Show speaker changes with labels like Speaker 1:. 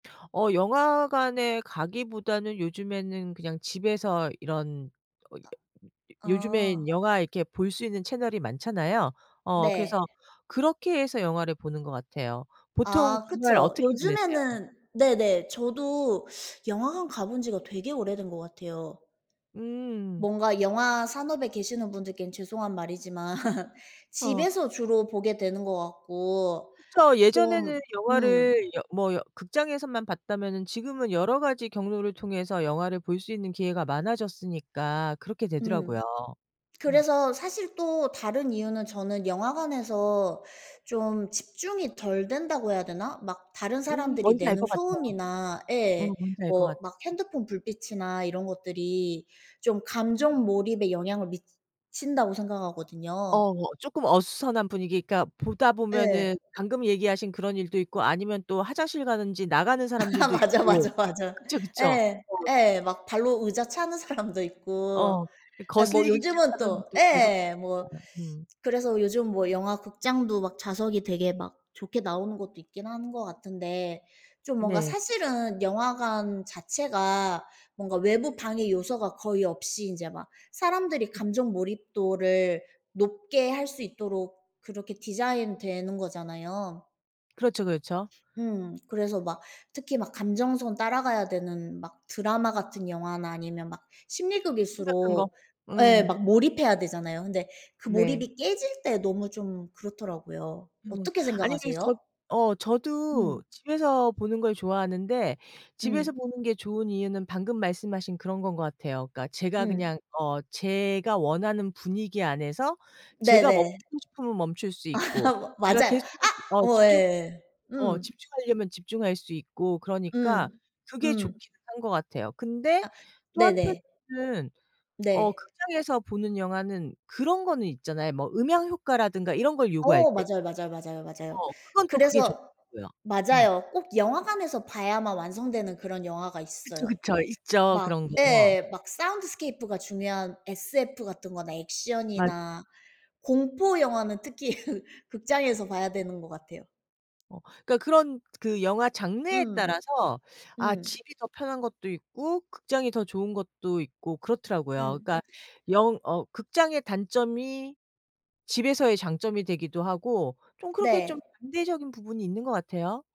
Speaker 1: 어 영화관에 가기보다는 요즘에는 그냥 집에서 이런
Speaker 2: 아.
Speaker 1: 요즘에는 영화 이렇게 볼 수 있는 채널이 많잖아요? 어
Speaker 2: 네.
Speaker 1: 그래서 그렇게 해서 영화를 보는 것 같아요. 보통
Speaker 2: 아
Speaker 1: 주말
Speaker 2: 그쵸.
Speaker 1: 어떻게 보내세요?
Speaker 2: 요즘에는 네네. 저도 영화관 가본 지가 되게 오래된 것 같아요.
Speaker 1: 음.
Speaker 2: 뭔가 영화 산업에 계시는 분들께는 죄송한 말이지만
Speaker 1: 어.
Speaker 2: 집에서 주로 보게 되는 것 같고
Speaker 1: 그쵸. 예전에는
Speaker 2: 좀 음.
Speaker 1: 영화를 여 뭐 여 극장에서만 봤다면은 지금은 여러 가지 경로를 통해서 영화를 볼 수 있는 기회가 많아졌으니까 그렇게 되더라고요.
Speaker 2: 음.
Speaker 1: 음.
Speaker 2: 그래서 사실 또 다른 이유는 저는 영화관에서 좀 집중이 덜 된다고 해야 되나? 막 다른
Speaker 1: 음.
Speaker 2: 사람들이
Speaker 1: 뭔지 알
Speaker 2: 내는
Speaker 1: 것 같아요.
Speaker 2: 소음이나
Speaker 1: 음
Speaker 2: 예.
Speaker 1: 뭔지 알 것
Speaker 2: 뭐
Speaker 1: 같아.
Speaker 2: 막 핸드폰 불빛이나 이런 것들이 좀 감정 몰입에 영향을 미친다고 생각하거든요.
Speaker 1: 어 뭐 쪼끔 어수선한 분위기 그러니까 보다
Speaker 2: 예.
Speaker 1: 보면은 방금 얘기하신 그런 일도 있고 아니면 또 화장실 가는지 나가는 사람들도
Speaker 2: 맞아,
Speaker 1: 있고.
Speaker 2: 맞아, 맞아.
Speaker 1: 그쵸, 그쵸.
Speaker 2: 예.
Speaker 1: 어.
Speaker 2: 예. 막 발로 의자 차는 사람도 있고
Speaker 1: 어. 이
Speaker 2: 아 뭐
Speaker 1: 거슬리기
Speaker 2: 요즘은
Speaker 1: 시작하면
Speaker 2: 또
Speaker 1: 또 계속
Speaker 2: 예예. 뭐
Speaker 1: [unintelligible] 음.
Speaker 2: 그래서 요즘 뭐 영화 극장도 막 좌석이 되게 막 좋게 나오는 것도 있기는 하는 것 같은데 좀 뭔가
Speaker 1: 네.
Speaker 2: 사실은 영화관 자체가 뭔가 외부 방해 요소가 거의 없이 인제 막 사람들이 감정 몰입도를 높게 할 수 있도록 그렇게 디자인되는 거잖아요.
Speaker 1: 그렇죠, 그렇죠.
Speaker 2: 음. 그래서 막 특히 막 감정선 따라가야 되는 막 드라마 같은 영화나 아니면 막
Speaker 1: 심각한 거.
Speaker 2: 심리극일수록 예.
Speaker 1: 음.
Speaker 2: 막 몰입해야 되잖아요. 근데 그
Speaker 1: 네.
Speaker 2: 몰입이 깨질 때 너무 좀 그렇더라고요.
Speaker 1: 음.
Speaker 2: 어떻게
Speaker 1: 아니 그래서 저
Speaker 2: 생각하세요?
Speaker 1: 어 저도
Speaker 2: 음.
Speaker 1: 집에서 보는 걸 좋아하는데 집에서
Speaker 2: 음.
Speaker 1: 보는 게 좋은 이유는 방금 말씀하신 그런 건 것 같아요. 그러니까 제가
Speaker 2: 음.
Speaker 1: 그냥 어 제가 원하는 분위기 안에서 제가
Speaker 2: 네네.
Speaker 1: 멈추고 싶으면 멈출 수 있고 제가
Speaker 2: 맞아요.
Speaker 1: 계속해서
Speaker 2: 아.
Speaker 1: 어
Speaker 2: 어
Speaker 1: 집중
Speaker 2: 예예.
Speaker 1: 어
Speaker 2: 음.
Speaker 1: 집중하려면 집중할 수 있고 그러니까
Speaker 2: 음.
Speaker 1: 그게
Speaker 2: 음.
Speaker 1: 좋기는 한 것 같아요. 근데
Speaker 2: 아.
Speaker 1: 또
Speaker 2: 네네.
Speaker 1: 한편으로는 어
Speaker 2: 네.
Speaker 1: 극장에서 보는 영화는 그런 거는 있잖아요, 뭐 음향 효과라든가 이런 걸 요구할
Speaker 2: 어.
Speaker 1: 때.
Speaker 2: 맞아요, 맞아요, 맞아요, 맞아요.
Speaker 1: 어. 그건 또 그게
Speaker 2: 그래서
Speaker 1: 좋더라고요. 음.
Speaker 2: 맞아요. 꼭 영화관에서 봐야만 완성되는 그런 영화가
Speaker 1: 그쵸,
Speaker 2: 있어요.
Speaker 1: 그쵸. 있죠,
Speaker 2: 막
Speaker 1: 그런 거.
Speaker 2: 예 막 사운드스케이프가 중요한 SF 같은 거나
Speaker 1: 맞아요.
Speaker 2: 액션이나 공포 영화는 특히 극장에서 봐야 되는 것 같아요.
Speaker 1: 어 그러니까 그런 그 영화 장르에
Speaker 2: 음.
Speaker 1: 따라서 아
Speaker 2: 음.
Speaker 1: 집이 더 편한 것도 있고 극장이 더 좋은 것도 있고 그렇더라고요.
Speaker 2: 음.
Speaker 1: 그러니까 영 어 극장의 단점이 집에서의 장점이 되기도 하고 좀 그렇게 좀
Speaker 2: 네.
Speaker 1: 반대적인 부분이 있는 것 같아요.